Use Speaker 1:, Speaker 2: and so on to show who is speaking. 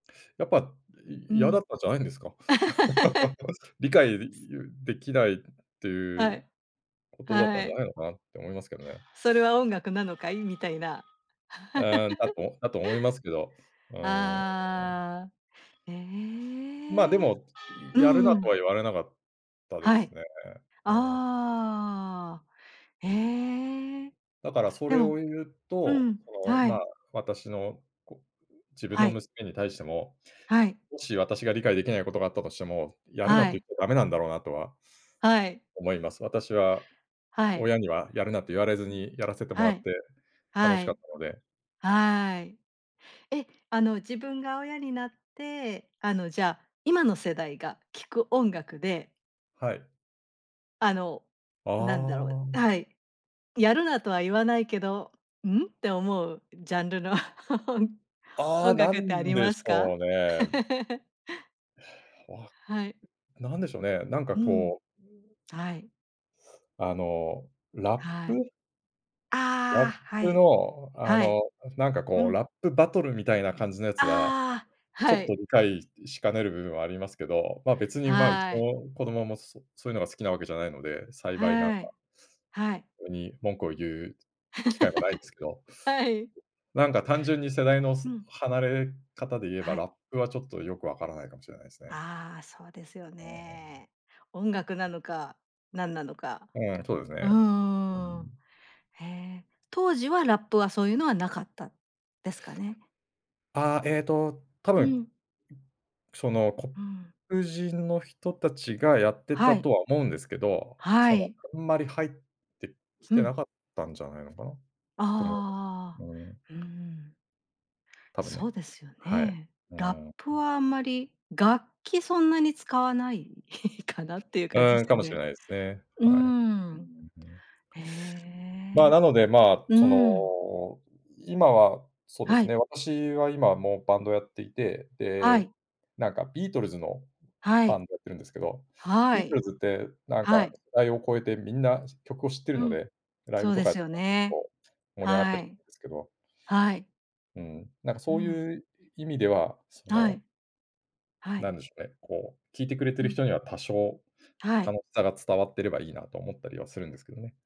Speaker 1: やっぱ、い
Speaker 2: う
Speaker 1: 嫌だ
Speaker 2: ん。
Speaker 1: ったじゃないんですか？でます。理解、り
Speaker 2: す
Speaker 1: ゆできないってい
Speaker 2: は
Speaker 1: う
Speaker 2: い。
Speaker 1: ことだった
Speaker 2: は
Speaker 1: んじゃ
Speaker 2: い。
Speaker 1: ないのかな？って思いますけどね。
Speaker 2: それは音楽なのかい？みたいな。
Speaker 1: うーん、だ とだと思いますけど、うーん。
Speaker 2: ああ。え
Speaker 1: まあ、で
Speaker 2: え。
Speaker 1: も、
Speaker 2: う
Speaker 1: やる
Speaker 2: ん
Speaker 1: な
Speaker 2: う
Speaker 1: とは
Speaker 2: ん。
Speaker 1: 言われなかったで
Speaker 2: は
Speaker 1: す
Speaker 2: い。
Speaker 1: ね。うん。
Speaker 2: ああ、へえ、
Speaker 1: だからそ
Speaker 2: で
Speaker 1: れを
Speaker 2: も
Speaker 1: 言う
Speaker 2: う
Speaker 1: と、
Speaker 2: ん、
Speaker 1: その、
Speaker 2: は
Speaker 1: ま、
Speaker 2: い。
Speaker 1: 私の、こう、自分
Speaker 2: は
Speaker 1: の
Speaker 2: い。
Speaker 1: 娘に対しても、
Speaker 2: はい。
Speaker 1: もし私が理解できないことがあったとしても、やるな
Speaker 2: は
Speaker 1: って
Speaker 2: い。
Speaker 1: 言ってダメなんだろうなとは
Speaker 2: はい。
Speaker 1: 思います。私は、
Speaker 2: はい。
Speaker 1: 親にはやるなと言われずにやらせてもら
Speaker 2: は
Speaker 1: っ
Speaker 2: い、
Speaker 1: て、楽
Speaker 2: は
Speaker 1: しかっ
Speaker 2: い。
Speaker 1: たので。
Speaker 2: はい。え、あの、自分が親になって、あの、じゃあ、今の世代が聴く音楽で
Speaker 1: はい。
Speaker 2: あの、
Speaker 1: あ
Speaker 2: なんだろう
Speaker 1: あ。
Speaker 2: はい。やるなとは言わないけど、ん？て、思うジャンルの
Speaker 1: あ
Speaker 2: 音
Speaker 1: あ、な
Speaker 2: 楽ってあ
Speaker 1: ん
Speaker 2: り
Speaker 1: で
Speaker 2: ま
Speaker 1: し
Speaker 2: すか？
Speaker 1: ょうね。へや、わ、
Speaker 2: はい。
Speaker 1: なんでしょうね、なんか
Speaker 2: うん。
Speaker 1: こう
Speaker 2: はい。
Speaker 1: あの、ラッ
Speaker 2: はい。
Speaker 1: プ？ラ
Speaker 2: あ
Speaker 1: ッ
Speaker 2: あ、は
Speaker 1: プ
Speaker 2: い、
Speaker 1: のあ
Speaker 2: はい。
Speaker 1: の、なんか
Speaker 2: う
Speaker 1: こう、ラ
Speaker 2: ん。
Speaker 1: ップバトルみたいな感じのやつは、
Speaker 2: ああ、
Speaker 1: ちょ
Speaker 2: は
Speaker 1: っと
Speaker 2: い。
Speaker 1: 理解しかねる部分はありますけど、まあ、別にまあ、うち
Speaker 2: はい。
Speaker 1: の子供も、そそういうのが好きなわけじゃないので、幸いなんか
Speaker 2: はい。はい。
Speaker 1: とに、文句を言う機会はないんですけど、
Speaker 2: はい。
Speaker 1: なんか単純に世代の、
Speaker 2: う
Speaker 1: す
Speaker 2: ん。
Speaker 1: 離れ方で言え
Speaker 2: は
Speaker 1: ば、
Speaker 2: い。
Speaker 1: ラップはちょっとよくわからないかもしれないすね。
Speaker 2: ああ、そうですよ
Speaker 1: あ、うん。
Speaker 2: ね。音楽なのか？何なのか？
Speaker 1: うん、そうです
Speaker 2: う
Speaker 1: ね。う
Speaker 2: ーん。
Speaker 1: ん。
Speaker 2: へえ、当時はラップは、そういうのはなかったですかね？
Speaker 1: ああ、えっと、多
Speaker 2: う
Speaker 1: 分、
Speaker 2: ん。
Speaker 1: その
Speaker 2: うん。
Speaker 1: 黒人の人たちがやって
Speaker 2: は
Speaker 1: た
Speaker 2: い。
Speaker 1: とは思うんですけど、
Speaker 2: は
Speaker 1: その
Speaker 2: い。
Speaker 1: あんまり入ってき
Speaker 2: ふ
Speaker 1: て
Speaker 2: ん。
Speaker 1: なかったんじゃないのかな？と思
Speaker 2: あ
Speaker 1: う。うん。
Speaker 2: あ、うん。
Speaker 1: たぶん
Speaker 2: そ
Speaker 1: ね、
Speaker 2: うですよ
Speaker 1: はい。
Speaker 2: ね。
Speaker 1: う
Speaker 2: ラッ
Speaker 1: ん。
Speaker 2: プはあんまり楽器そんなに使わない？かなっていう
Speaker 1: う
Speaker 2: 感じ
Speaker 1: ーん、
Speaker 2: す
Speaker 1: か
Speaker 2: よ
Speaker 1: もしれ
Speaker 2: ね。
Speaker 1: ないすね。
Speaker 2: う
Speaker 1: はい。うー
Speaker 2: ん。
Speaker 1: ん、うん。
Speaker 2: へ
Speaker 1: まあ、
Speaker 2: え。
Speaker 1: なので、まあ、
Speaker 2: う
Speaker 1: そ
Speaker 2: ーん。
Speaker 1: の、今は、そうで
Speaker 2: は
Speaker 1: す
Speaker 2: い。
Speaker 1: ね、私は今も、バンドをやっていて、
Speaker 2: は
Speaker 1: で、
Speaker 2: い。
Speaker 1: なんかビートルズの、
Speaker 2: は
Speaker 1: バ
Speaker 2: い。
Speaker 1: ンドやってるんですけど、ビ
Speaker 2: は
Speaker 1: ート
Speaker 2: い。
Speaker 1: ルズって、なん
Speaker 2: は
Speaker 1: か
Speaker 2: い。
Speaker 1: 世代を超えてみんな、し曲を知ってる
Speaker 2: う
Speaker 1: の
Speaker 2: ん、
Speaker 1: で、ライ
Speaker 2: そ
Speaker 1: ブ
Speaker 2: う
Speaker 1: と
Speaker 2: で
Speaker 1: かっ
Speaker 2: す
Speaker 1: て
Speaker 2: よ
Speaker 1: も結
Speaker 2: ね。
Speaker 1: 構盛り上がった
Speaker 2: は
Speaker 1: り
Speaker 2: い。
Speaker 1: けど。
Speaker 2: はい。
Speaker 1: うん、なんか
Speaker 2: う
Speaker 1: そう
Speaker 2: ん。
Speaker 1: いう意味では、そ
Speaker 2: は
Speaker 1: の
Speaker 2: い。は
Speaker 1: な
Speaker 2: い。
Speaker 1: んでしょうね、こう、聴いてくれて
Speaker 2: う
Speaker 1: る
Speaker 2: ん。
Speaker 1: 人には多少、
Speaker 2: はい。
Speaker 1: 楽たが伝わってればいいなと思ったりはするんですけどね。